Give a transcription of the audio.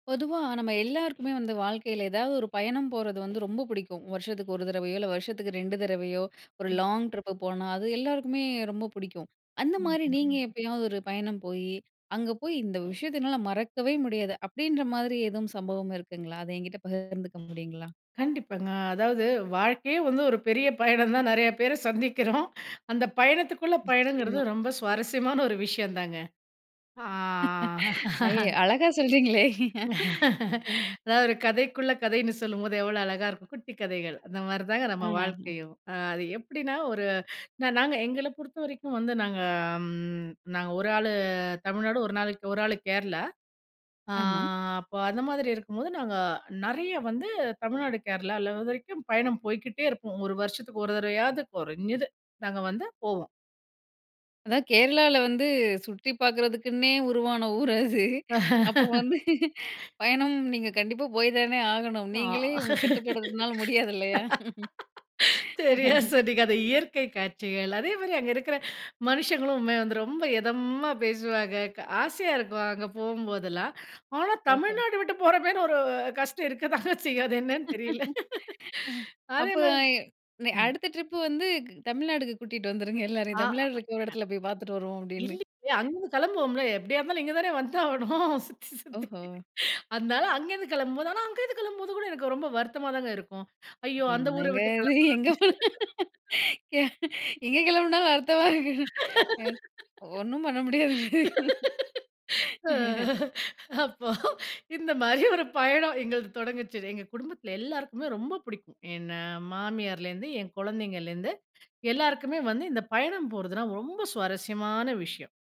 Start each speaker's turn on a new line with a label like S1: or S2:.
S1: பொதுவா நம்ம எல்லாருக்குமே வந்து வாழ்க்கையில ஏதாவது ஒரு பயணம் போறது வந்து ரொம்ப புடிக்கும் வருஷச்சுக்கு 1 தரவையோ இல்ல வருஷச்சுக்கு 2 தரவையோ ஒரு லாங் ட்ரிப் போனா அது எல்லாருக்குமே ரொம்ப புடிக்கும். அந்த மாரி
S2: [unintelligible]
S1: நீங்க எப்பயாவது ஒரு பயணம் போய் அங்க போய் இந்த விஷயத்த என்னால மறக்கவே முடியாது அப்டின்ற மாரி எதுவும் சம்பவம் இருக்குங்களா அதை என்கிட்ட பகிர்ந்துக்க முடியுங்களா?
S2: கண்டிப்பாங்க. அதாவது வாழ்க்கையே வந்து ஒரு பெரிய பயணம் தான் நறைய பேர சந்திக்கிறோம் அந்த பயணத்துக்குள்ள பயணங்கிறது
S1: நிச்சியமா.
S2: ரொம்ப சுவாரஸ்யமான ஒரு விஷயம் தாங்க. அ
S1: அய
S2: அ.
S1: அழகா சொல்றீங்களே! ம்.
S2: அதாது ஒரு கதைக்குள்ள கதைன்னு சொல்லும்போது எவ்வளோ அழகா இருக்கும் குட்டி கதைகள். அந்த மாரி தாங்க நம்ம
S1: அஹம்ஹம்.
S2: வாழ்க்கையும் அது எப்டின்னா ஒரு நா நாங்க எங்கள பொறுத்த வரைக்கும் வந்து நாங்க ம் நாங்க 1 ஆளு தமிழ்நாடு 1 நாள 1 ஆளு கேரளா. ஆ
S1: ஆமா.
S2: அப்போ அந்த மாதிரி இருக்கும்போது நாங்க நறைய வந்து தமிழ்நாடு கேரளால இது வரைக்கும் பயணம் போய்க்கிட்டே இருப்போம் 1 வருஷச்சுக்கு 1 தரவையாவது கொறஞ்சது நாங்க வந்து போவோம்.
S1: அதா, கேரளால வந்து சுத்தி பார்க்குறதுக்குன்னே உருவான ஊர் அது அப்ப வந்து பயணம் நீங்க கண்டிப்பா போய் தானே ஆகணும்.
S2: அ
S1: நீங்களே உங்க கட்டுப்படுச்சுறதுனால முடியாது இல்லயா?
S2: சரியா சொன்னீங்க அந்த இயற்கை காட்சிகள். அதே மாரி அங்க இருக்கிற மனுஷங்களும் வந்து ரொம்ப எதமா பேசுவாங்க க ஆசையா இருக்கும். அங்க போம்போதெல்லாம். ஆனா
S1: ஒஹோ!
S2: தமிழ்நாடு விட்டு போகிற மாரி ஒரு கஷ்டம் இருக்க தாங்க செய்யும் அது என்னன்னு தெரில அதே
S1: அப்போ
S2: மாரி
S1: நெ
S2: ம்.
S1: அடுத்த ட்ரிப்பு வந்து க் தமிழ்நாட்டுக்கு கூட்டிட்டு வந்துருங்க எல்லாரையும் தமிழ்நாட்ல
S2: ஆமங்க.
S1: இருக்கிற ஒரு இடத்த போய் பார்த்துட்டு வருவோம் அப்டின்னு
S2: இல்லங்க அங்க கிளம்புவோம்ல எப்டியா இருந்தாலும் இங்கே தானே வந்து ஆவணும் சுத்தி சுத்தி
S1: ஓஹோ!
S2: அதனால அங்க இருந்து கிளம்பும்போது ஆனா அங்கேயிருந்து கிளம்பும்போது கூட எனக்கு ரொம்ப வருத்தமாதாங்க இருக்கும். ஐயோ அந்த ஊர
S1: என்னங்க
S2: விட்டு
S1: இது! எங்கே
S2: கெளம்புரம்னு.
S1: போ எ எங்கங்க கிளம்புனாலும் அர்த்தமா இருக்கு. அ. ஒண்ணும் பண்ண முடியாதுங்க
S2: அ அப்போ இந்த மாரி ஒரு பயணம் எங்களது தொடங்குச்சு எங்க குடும்பத்தில எல்லோருக்குமே ரொம்ப பிடிக்கும். என்ன மாமியார்லேருந்து என் குழந்தைங்கள்லேருந்து எல்லாருக்குமே வந்து இந்த பயணம் போறதுனா ரொம்ப சுவாரஸ்யமான விஷயம்.